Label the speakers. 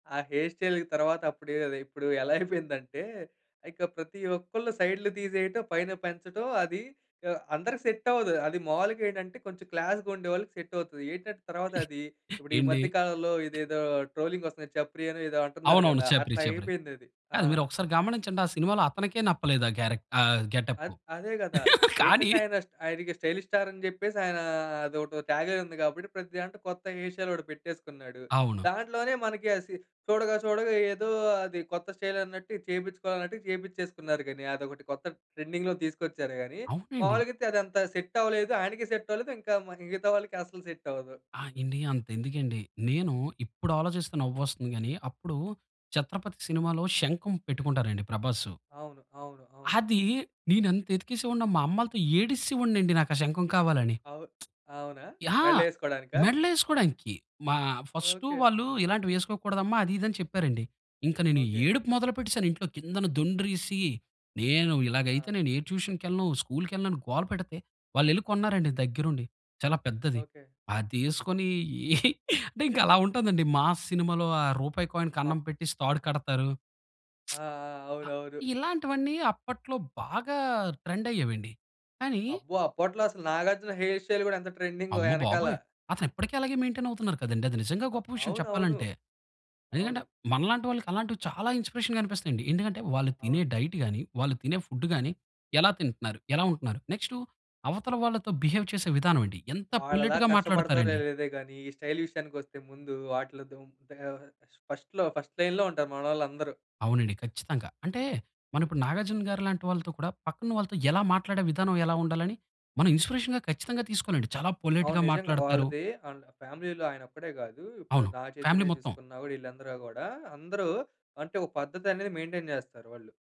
Speaker 1: ఆ హెయిర్ స్టైల్‌కి తర్వాత అప్పుడు కాదు. ఇప్పుడు ఎలా అయిపోయిందంటే ఇక ప్రతి ఒక్కళ్ళు సైడులు తీసేయటం పైన పెంచటం. అది ఆహ్, అందరికి సెట్టవ్వదు. అదీ మావూలుగా ఏటంటే కొంచెం క్లాస్‌గా ఉండేవాళ్ళకి సెట్టవుతది. ఏటంటే తర్వాతది ఇప్పుడు ఈ
Speaker 2: ఏండీ
Speaker 1: మధ్య కాలంలో ఇదేదో ట్రోలింగొస్తుంది. చప్రియనో ఏదో అంటున్నారు
Speaker 2: అవునవును.
Speaker 1: కదా!
Speaker 2: చప్రి.
Speaker 1: అట్లా
Speaker 2: చప్రి.
Speaker 1: అయిపోయిందది. ఆ!
Speaker 2: కాదు మీరు ఒకసారి గమనించండి ఆ సినిమాలో అతనికే నప్పలేదు ఆ క్యారెక్ట్ ఆహ్, గెటప్పు.
Speaker 1: అద్ అదే గదా!
Speaker 2: కానీ
Speaker 1: ఏంటంటే ఆయన స్ట్ ఆయనకి స్టైలిష్ స్టార్ అని జెప్పేసి ఆయనా అదోటి టాగ్‌లైన్ ఉంది. కాబట్టి ప్రతి దాంట్లో కొత్త హెయిర్ స్టైల్ ఒకటి పెట్టేసుకున్నాడు.
Speaker 2: అవును.
Speaker 1: దాంట్లోనే మనకి అసి చూడగా చూడగా ఏదో అది కొత్త స్టైలన్నట్టు ఇది చేయిపిచ్చుకోవాలన్నట్టుగా, చేయిపిచ్చేసుకున్నారు గాని అదొకటి కొత్త ట్రెండింగ్‌లో తీసుకొచ్చారు గాని
Speaker 2: అవునండి.
Speaker 1: మావూలుగా అయితే అదంతా సెట్టవ్వలేదు. ఆయనకీ సెట్టవ్వలేదు. ఇంకా మరి మిగతా వాళ్ళకి అసలు సెట్టవ్వదు.
Speaker 2: ఆ! ఎండీ. అంతెందుకేండి. నేను ఇప్పుడు ఆలోచిస్తే నవ్వొస్తుంది గానీ అప్పుడు 'చత్రపతి' సినిమాలో శంకం పెట్టుకుంటారండి ప్రభాసు.
Speaker 1: అవును. అవును. అవును.
Speaker 2: అది నేనెంత యెతికేసే వాడినో మా అమ్మలాతో ఏడిస్సే వోడినండి నాకా శంఖం కావాలని.
Speaker 1: అవు అవునా?
Speaker 2: ఆ!
Speaker 1: మెడలో యేసుకోడానికా?
Speaker 2: మెడలేసుకోడానికి, మా ఫస్టు
Speaker 1: ఓకే.
Speaker 2: వాళ్ళు "ఇలాంటివేసుకోకూడదమ్మా" అది, ఇది అని చెప్పారండి. ఇంక నేను
Speaker 1: ఓకే.
Speaker 2: ఏడుపు మొదలు పెట్టేసాను. ఇంట్లో కిందన దుండ్రిసి, నేను ఇలాగైతే
Speaker 1: ఆ!
Speaker 2: నేను ఏ ట్యూషన్‌కెళ్ళను, స్కూల్‌‌కెళ్ళను అని గోల పెడితే వాళ్ళు యెళ్లి కొన్నారండి దగ్గరుండి. చాలా పెద్దది.
Speaker 1: ఓకే.
Speaker 2: అదేసుకొని అంటే ఇంకా అలా ఉంటాదండి. 'మా‌స్' సినిమాలో ఆ రూపాయి కాయిన్
Speaker 1: అప్
Speaker 2: కన్నం పెట్టేసి తాడు కడతారు.
Speaker 1: ఆ! ఆ!
Speaker 2: ఆహ్,
Speaker 1: అవునవును.
Speaker 2: ఇలాంటివన్నీ అప్పట్లో బాగా ట్రెండయ్యేవెండి. కానీ
Speaker 1: అబ్బో! అప్పట్లో అసల నాగార్జున హెయిర్ స్టైల్ గూడా ఎంత ట్రెండింగో
Speaker 2: అమ్మ
Speaker 1: యెనకాల.
Speaker 2: బాబోయ్! అతనిప్పడికి అలాగే మెయిన్‌టైన్ అవుతున్నారు కదండీ. అది నిజంగా
Speaker 1: ఆ!
Speaker 2: గొప్ప విషయం
Speaker 1: అవునవును.
Speaker 2: చెప్పాలంటే. ఎందుకంటే
Speaker 1: అవును.
Speaker 2: మనలాంటి వాళ్ళకి అలాంటివి చాలా ఇన్‌స్పిరేషన్‌గా అనిపిస్తాయండి. ఎందుకంటే వాళ్ళు తినే
Speaker 1: అవును.
Speaker 2: డైట్ గాని, వాళ్ళు తినే ఫుడ్డు గాని ఎలా తింటున్నారు? ఎలా ఉంటున్నారు? నెక్స్టు అవతల వాళ్ళతో బిహేవ్ చేసే విధానమండి. ఎంత
Speaker 1: వాళ్ళలా
Speaker 2: పొలెట్‌గా
Speaker 1: కష్టపడతారో
Speaker 2: మాట్లాడతారండి.
Speaker 1: లేదో గాని, ఈ స్టైల్ విషయానికొస్తే ముందు వాటిలో దుం ముందుగా ఫస్ట్‌లో ఫస్ట్ లైన్‌లో ఉంటారు మనోళ్ళందరూ.
Speaker 2: అవునండి. ఖచ్చితంగా. అంటే మనం ఇప్పుడు నాగార్జునగారి లాంటి వాళ్ళతో కూడా, పక్కనున్న వాళ్ళతో ఎలా మాట్లాడే విధానం ఎలా ఉండాలని మనం ఇన్స్పిరేషన్‌గా ఖచ్చితంగా తీసుకోలండి. చాలా
Speaker 1: అవును.
Speaker 2: పొలైట్‌గా
Speaker 1: నిజంగా.
Speaker 2: మాట్లాడతారు.
Speaker 1: వాళ్ళది అండ్ ఫ్యామిలీ‌లో ఆయనొక్కడే గాదు. ఇప్పుడు
Speaker 2: అవును. ఫ్యామిలీ
Speaker 1: నాగచైతన్య
Speaker 2: మొత్తం.
Speaker 1: చూసుకున్నా కూడా ఈళ్ళందరూ గూడా అందరూ అంటే ఒక పద్ధతనేది మెయిన్‌టైన్ చేస్తారు వాళ్ళు.